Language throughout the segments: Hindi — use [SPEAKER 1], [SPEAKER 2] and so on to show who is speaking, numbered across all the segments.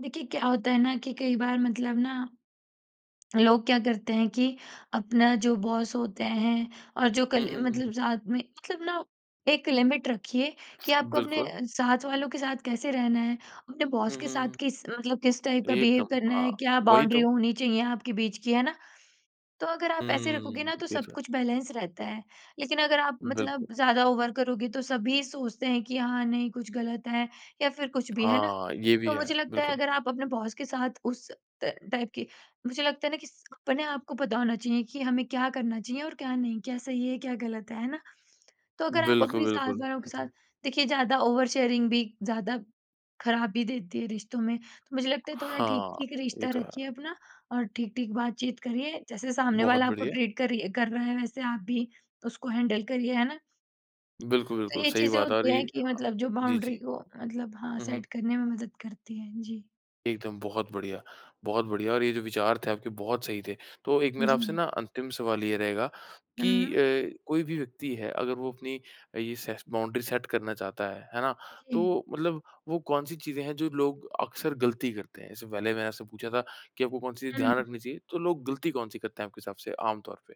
[SPEAKER 1] देखिए क्या होता है ना कि कई बार मतलब ना लोग क्या करते हैं कि अपना जो बॉस होते हैं और जो
[SPEAKER 2] हुँ,
[SPEAKER 1] कली
[SPEAKER 2] हुँ,
[SPEAKER 1] मतलब
[SPEAKER 2] हुँ।
[SPEAKER 1] साथ में मतलब ना एक लिमिट रखिए कि आपको अपने
[SPEAKER 2] बिल्कुल।
[SPEAKER 1] साथ वालों के साथ कैसे रहना है। अपने बॉस
[SPEAKER 2] हुँ,
[SPEAKER 1] के
[SPEAKER 2] हुँ,
[SPEAKER 1] साथ
[SPEAKER 2] हुँ।
[SPEAKER 1] किस मतलब किस टाइप का बिहेव
[SPEAKER 2] एकदम।
[SPEAKER 1] करना
[SPEAKER 2] हाँ,
[SPEAKER 1] है, क्या
[SPEAKER 2] वही
[SPEAKER 1] बाउंड्री
[SPEAKER 2] तो।
[SPEAKER 1] होनी चाहिए आपके बीच की है ना? तो अगर आप ऐसे रखोगे
[SPEAKER 2] हम्म,
[SPEAKER 1] ना तो
[SPEAKER 2] ये
[SPEAKER 1] सब
[SPEAKER 2] तो है।
[SPEAKER 1] कुछ बैलेंस रहता है। लेक़िन अगर आप मतलब
[SPEAKER 2] बिल्कुल।
[SPEAKER 1] ज़्यादा ओवर करोगे तो सभी सोचते हैं कि हाँ नहीं कुछ ग़लत है या फ़िर कुछ भी, है ना?
[SPEAKER 2] हाँ, ये भी
[SPEAKER 1] तो
[SPEAKER 2] है।
[SPEAKER 1] मुझे लगता है
[SPEAKER 2] बिल्कुल।
[SPEAKER 1] अगर आप अपने बॉस के साथ उस अ, टाइप की मुझे लगता है ना किस अपने आप को पता होना चाहिए कि हमें क्या करना चाहिए और क्या नहीं, क्या सही है, क्या ग़लत है, है ना? तो अगर आप
[SPEAKER 2] बिल्कुल,
[SPEAKER 1] अपनी साथ
[SPEAKER 2] बिल्कुल।
[SPEAKER 1] वालों के साथ देखिए ज़्यादा ओवर शेयरिंग भी ज़्यादा ख़राबी देती है रिश्तों में, तो मुझे लगता है थोड़ा
[SPEAKER 2] हाँ,
[SPEAKER 1] ठीक-ठीक
[SPEAKER 2] ये
[SPEAKER 1] रिश्ता
[SPEAKER 2] तो
[SPEAKER 1] रखिए
[SPEAKER 2] है।
[SPEAKER 1] अपना और ठीक-ठीक बातचीत करिए। जैसे सामने
[SPEAKER 2] बहुत
[SPEAKER 1] वाला आपको
[SPEAKER 2] बढ़िया।
[SPEAKER 1] ट्रीट कर रही कर रहा है वैसे आप भी उसको हैंडल करिए, है ना?
[SPEAKER 2] बिल्कुल,
[SPEAKER 1] तो
[SPEAKER 2] बिल्कुल।
[SPEAKER 1] ये
[SPEAKER 2] सही
[SPEAKER 1] चीज़ें
[SPEAKER 2] बात और
[SPEAKER 1] होती
[SPEAKER 2] ये
[SPEAKER 1] हैं
[SPEAKER 2] हाँ,
[SPEAKER 1] कि
[SPEAKER 2] हाँ।
[SPEAKER 1] मतलब जो
[SPEAKER 2] जी,
[SPEAKER 1] बाउंड्री
[SPEAKER 2] जी।
[SPEAKER 1] को मतलब हाँ
[SPEAKER 2] हुँ, हुँ।
[SPEAKER 1] सेट करने में मदद करती हैं। जी।
[SPEAKER 2] एकदम बहुत बढ़िया, बहुत बढ़िया और ये जो विचार थे आपके बहुत सही थे। तो एक मेरा आपसे
[SPEAKER 1] जी।
[SPEAKER 2] ना अंतिम सवाल ये रहेगा कि अ,
[SPEAKER 1] हुँ।
[SPEAKER 2] कोई भी व्यक्ति है अगर वो अपनी ये से बाउंड्री सेट करना चाहता है, है ना?
[SPEAKER 1] जी।
[SPEAKER 2] तो मतलब वो कौन-सी चीज़ें हैं जो लोग अक्सर ग़लती करते हैं? जैसे पहले मैंने आपसे पूछा था कि आपको कौन-सी चीज़ ध्यान
[SPEAKER 1] हुँ।
[SPEAKER 2] रखनी चाहिए तो लोग ग़लती कौन-सी करते हैं आपके हिसाब से आम तौर पे?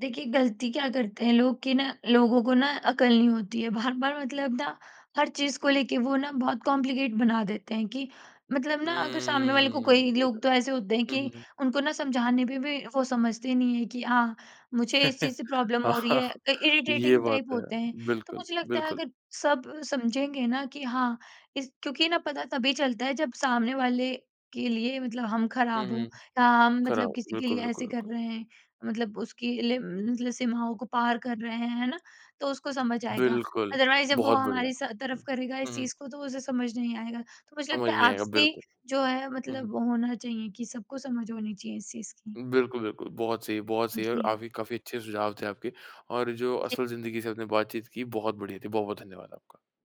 [SPEAKER 1] देखिए ग़लती क्या करते हैं लोग कि ना लोगों को ना अकल नहीं होती है। बार-बार मतलब ना हर चीज़ को लेके वो ना बहुत कॉम्प्लिकेट बना देते हैं कि मतलब ना अगर सामने वाले को कोई
[SPEAKER 2] हम्म, ये तो
[SPEAKER 1] लोग
[SPEAKER 2] है।
[SPEAKER 1] तो ऐसे होते हैं
[SPEAKER 2] हुँ,
[SPEAKER 1] कि
[SPEAKER 2] हुँ, हुँ।
[SPEAKER 1] उनको ना समझाने में भी वो समझते नहीं हैं कि हाँ मुझे इस चीज़ से प्रॉब्लम हो रही
[SPEAKER 2] हाँ
[SPEAKER 1] है, अ,
[SPEAKER 2] ये
[SPEAKER 1] इरिटेटिंग
[SPEAKER 2] बात
[SPEAKER 1] टाइप
[SPEAKER 2] तो है।
[SPEAKER 1] होते हैं। तो
[SPEAKER 2] बिल्कुल,
[SPEAKER 1] मुझे लगता है
[SPEAKER 2] बिल्कुल।
[SPEAKER 1] अगर सब समझेंगे ना कि हाँ किस क्योंकि ना पता तभी चलता है जब सामने वाले के लिए मतलब हम
[SPEAKER 2] हुँ,
[SPEAKER 1] ख़राब हो
[SPEAKER 2] हुँ।
[SPEAKER 1] या हम मतलब
[SPEAKER 2] ख़राब,
[SPEAKER 1] किसी के
[SPEAKER 2] बिल्कुल,
[SPEAKER 1] लिए
[SPEAKER 2] बिल्कुल,
[SPEAKER 1] ऐसे कर
[SPEAKER 2] बिल्कुल।
[SPEAKER 1] रहे हैं। मतलब उसकी लि मतलब सीमाओं को पार कर रहे हैं, है ना। तो उसको समझ आएगा,
[SPEAKER 2] बिल्कुल,
[SPEAKER 1] अदरवाइज़ जब वो
[SPEAKER 2] बहुत बढ़िया।
[SPEAKER 1] हमारी सा
[SPEAKER 2] हुँ,
[SPEAKER 1] तरफ़ करेगा इस
[SPEAKER 2] हुँ।
[SPEAKER 1] चीज़ को तो उसे समझ नहीं आएगा। तो मुझे
[SPEAKER 2] समझ
[SPEAKER 1] लगता है
[SPEAKER 2] नहीं आएगा
[SPEAKER 1] आपसी
[SPEAKER 2] बिल्कुल।
[SPEAKER 1] जो है
[SPEAKER 2] हुँ, हुँ।
[SPEAKER 1] मतलब वो होना चाहिए कि सबको समझ होनी चाहिए इस चीज़ की।
[SPEAKER 2] बिल्कुल, बिल्कुल। बहुत सही, बहुत
[SPEAKER 1] उ,
[SPEAKER 2] सही है और
[SPEAKER 1] जी।
[SPEAKER 2] आफ़ी काफ़ी अच्छे सुझाव थे आपके और जो
[SPEAKER 1] जी।
[SPEAKER 2] असल जिंदगी से आपने बातचीत की बहुत बढ़िया थी। बहुत-बहुत धन्यवाद आपका।